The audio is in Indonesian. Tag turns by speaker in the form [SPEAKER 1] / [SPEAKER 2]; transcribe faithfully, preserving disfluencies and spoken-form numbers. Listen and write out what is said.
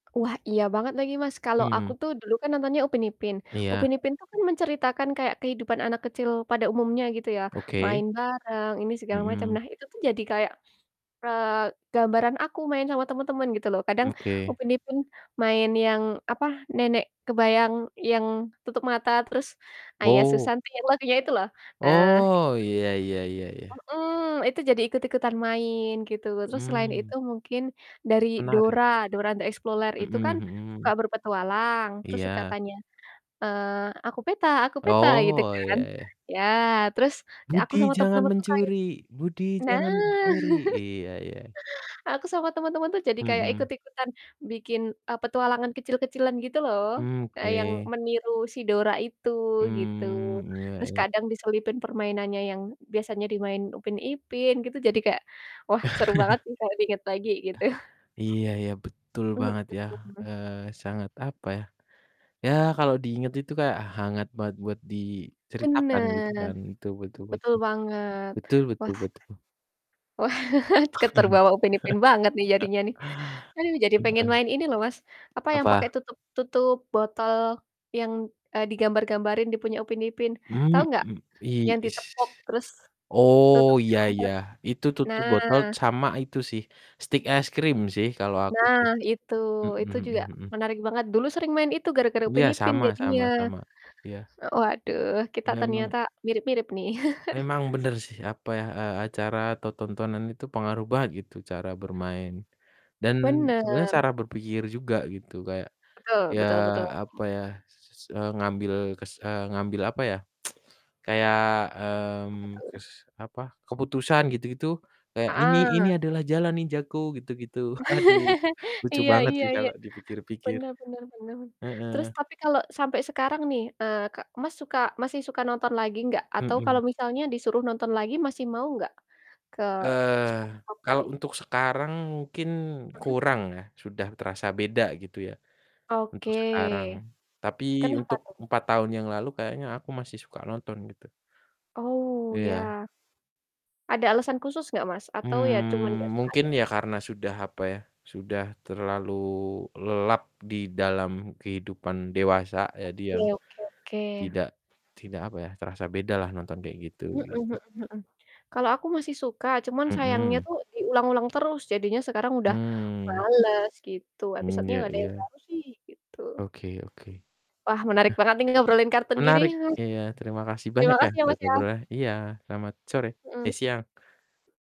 [SPEAKER 1] Wah iya banget lagi, Mas. Kalo aku
[SPEAKER 2] Mhm.
[SPEAKER 1] tuh dulu kan nontonnya Upin Ipin,
[SPEAKER 2] Iya.
[SPEAKER 1] Upin Ipin tuh kan menceritakan kayak kehidupan anak kecil pada umumnya gitu ya,
[SPEAKER 2] Oke.
[SPEAKER 1] main bareng, ini, segala macem.
[SPEAKER 2] Mhm.
[SPEAKER 1] Nah itu tuh jadi kayak, eee, gambaran aku main sama temen-temen gitu loh. Kadang
[SPEAKER 2] M oke.
[SPEAKER 1] Upin Ipin main yang, apa, nenek kebayang yang tutup mata, terus, "Ayah
[SPEAKER 2] Wow!
[SPEAKER 1] susanti" yang lagunya itu loh. Nah itu
[SPEAKER 2] Oh, iya iya iya iya.
[SPEAKER 1] Mhm, itu jadi ikut-ikutan main gitu. Terus selain
[SPEAKER 2] Mhm.
[SPEAKER 1] itu mungkin, dari
[SPEAKER 2] Menarik.
[SPEAKER 1] Dora, "Dora the Exploler" itu
[SPEAKER 2] Mhm
[SPEAKER 1] kan suka
[SPEAKER 2] mhm.
[SPEAKER 1] berpetualang terus suka
[SPEAKER 2] Iya.
[SPEAKER 1] tanya, eee, "Aku peta aku peta." Gitu
[SPEAKER 2] Oh,
[SPEAKER 1] kan.
[SPEAKER 2] iya iya.
[SPEAKER 1] Iya. Terus, ya aku
[SPEAKER 2] Budi
[SPEAKER 1] sama
[SPEAKER 2] jangan
[SPEAKER 1] temen-temen tuh kayak
[SPEAKER 2] mencuri Budi
[SPEAKER 1] Nah.
[SPEAKER 2] jangan mencuri. Iya iya.
[SPEAKER 1] Aku sama sama temen-temen tuh jadi kayak
[SPEAKER 2] Mhm.
[SPEAKER 1] ikut-ikutan bikin, e petualangan kecil-kecilan gitu loh,
[SPEAKER 2] Hmm,
[SPEAKER 1] eee, yang
[SPEAKER 2] oke.
[SPEAKER 1] meniru si Dora itu, gitu.
[SPEAKER 2] Hmm, iya
[SPEAKER 1] Terus
[SPEAKER 2] iya.
[SPEAKER 1] kadang diselipin permainannya yang biasanya dimainin Upin Ipin, gitu, jadi kayak, wah, seru banget sih kalo diinget lagi, gitu.
[SPEAKER 2] Iya iya, betul banget
[SPEAKER 1] Mhm.
[SPEAKER 2] yah, eee sangat, apa ya ya, kalo diinget itu kayak hangat banget buat diceritakan gitu
[SPEAKER 1] Bener.
[SPEAKER 2] kan? Betul betul
[SPEAKER 1] Betul
[SPEAKER 2] betul.
[SPEAKER 1] banget.
[SPEAKER 2] Betul betul
[SPEAKER 1] Wah
[SPEAKER 2] betul.
[SPEAKER 1] Wah, ke terbawa Upin Ipin banget nih jadinya nih. Aduh, jadi pengen
[SPEAKER 2] Heeh.
[SPEAKER 1] main ini loh, Mas, apa, yang pake
[SPEAKER 2] Apa?
[SPEAKER 1] tutup tutup botol yang, eee, digambar-gambarin di punya Upin Ipin,
[SPEAKER 2] Hmm,
[SPEAKER 1] tau enggak?
[SPEAKER 2] mmm, i
[SPEAKER 1] Yang
[SPEAKER 2] ish
[SPEAKER 1] ditepuk, terus
[SPEAKER 2] Oh,
[SPEAKER 1] tutupnya
[SPEAKER 2] iya iya.
[SPEAKER 1] lompat.
[SPEAKER 2] Itu tutup
[SPEAKER 1] Nah.
[SPEAKER 2] botol sama itu sih, stik es krim sih, kalau aku sih.
[SPEAKER 1] Nah, itu.
[SPEAKER 2] Mhm
[SPEAKER 1] Itu
[SPEAKER 2] mhm
[SPEAKER 1] juga
[SPEAKER 2] mhm.
[SPEAKER 1] menarik banget. Dulu sering main itu gara-gara
[SPEAKER 2] Iya,
[SPEAKER 1] Upin Ipin,
[SPEAKER 2] sama sama
[SPEAKER 1] jadinya.
[SPEAKER 2] sama. Iya.
[SPEAKER 1] Waduh, kita
[SPEAKER 2] Memang
[SPEAKER 1] ternyata mirip-mirip nih.
[SPEAKER 2] memang bener sih, apa ya, eee, acara atau tontonan itu pengaruh banget, gitu, cara bermain. Dan sebenernya
[SPEAKER 1] Bener.
[SPEAKER 2] cara berpikir juga gitu, kayak,
[SPEAKER 1] Betul
[SPEAKER 2] ya,
[SPEAKER 1] betul betul.
[SPEAKER 2] apa ya, s eee, ngambil kes eee, ngambil, apa ya, kayak,
[SPEAKER 1] Apa
[SPEAKER 2] mmm,
[SPEAKER 1] tuh?
[SPEAKER 2] kes apa, keputusan gitu-gitu, kayak, "Ini ini
[SPEAKER 1] Heeh.
[SPEAKER 2] adalah jalan ninjaku!" Gitu-gitu. Aduh, lucu
[SPEAKER 1] Iya
[SPEAKER 2] banget
[SPEAKER 1] iya
[SPEAKER 2] sih
[SPEAKER 1] iya.
[SPEAKER 2] kalau dipikir-pikir.
[SPEAKER 1] Bener bener bener. Terus
[SPEAKER 2] Heeh.
[SPEAKER 1] tapi kalo sampe sekarang nih, eee Kak Mas suka masih suka nonton lagi enggak? Atau kalo
[SPEAKER 2] Mhm.
[SPEAKER 1] misalnya disuruh nonton lagi, masih mau gak? Ke
[SPEAKER 2] Eee,
[SPEAKER 1] SpongeBob
[SPEAKER 2] kalau
[SPEAKER 1] tadi?
[SPEAKER 2] untuk sekarang mungkin
[SPEAKER 1] Mhm.
[SPEAKER 2] kurang ya, sudah terasa beda, gitu ya, untuk sekarang.
[SPEAKER 1] Oke.
[SPEAKER 2] Tapi
[SPEAKER 1] Kenapa
[SPEAKER 2] untuk
[SPEAKER 1] tuh?
[SPEAKER 2] empat tahun yang lalu kayaknya aku masih suka nonton, gitu.
[SPEAKER 1] Oh,
[SPEAKER 2] Iya.
[SPEAKER 1] ya. Ada alasan khusus gak, Mas? Atau ya, cuman enggak
[SPEAKER 2] Mmm,
[SPEAKER 1] suka
[SPEAKER 2] mungkin
[SPEAKER 1] aja?
[SPEAKER 2] ya karena sudah apa ya, sudah terlalu lelap di dalam kehidupan dewasa, jadi ya,
[SPEAKER 1] Oke oke oke.
[SPEAKER 2] tidak tidak, apa ya terasa beda lah nonton kayak gitu,
[SPEAKER 1] Mhm
[SPEAKER 2] gitu.
[SPEAKER 1] mhm mhm. Kalau aku masih suka, cuma sayangnya
[SPEAKER 2] Mhm.
[SPEAKER 1] tuh diulang-ulang terus, jadinya sekarang udah
[SPEAKER 2] Hmm.
[SPEAKER 1] males gitu.
[SPEAKER 2] Hmm,
[SPEAKER 1] Episodenya
[SPEAKER 2] ya,
[SPEAKER 1] gak ada yang
[SPEAKER 2] iya.
[SPEAKER 1] baru sih, gitu.
[SPEAKER 2] Oke oke. Heeh.
[SPEAKER 1] Wah, menarik banget nih ngobrolin kartun gini.
[SPEAKER 2] Menarik, iya, terima kasih banyak
[SPEAKER 1] Terima
[SPEAKER 2] ya,
[SPEAKER 1] kasih, ya,
[SPEAKER 2] buat
[SPEAKER 1] Mas, ya.
[SPEAKER 2] ngobrolnya. Iya, selamat sore,
[SPEAKER 1] Mhm.
[SPEAKER 2] eh, siang.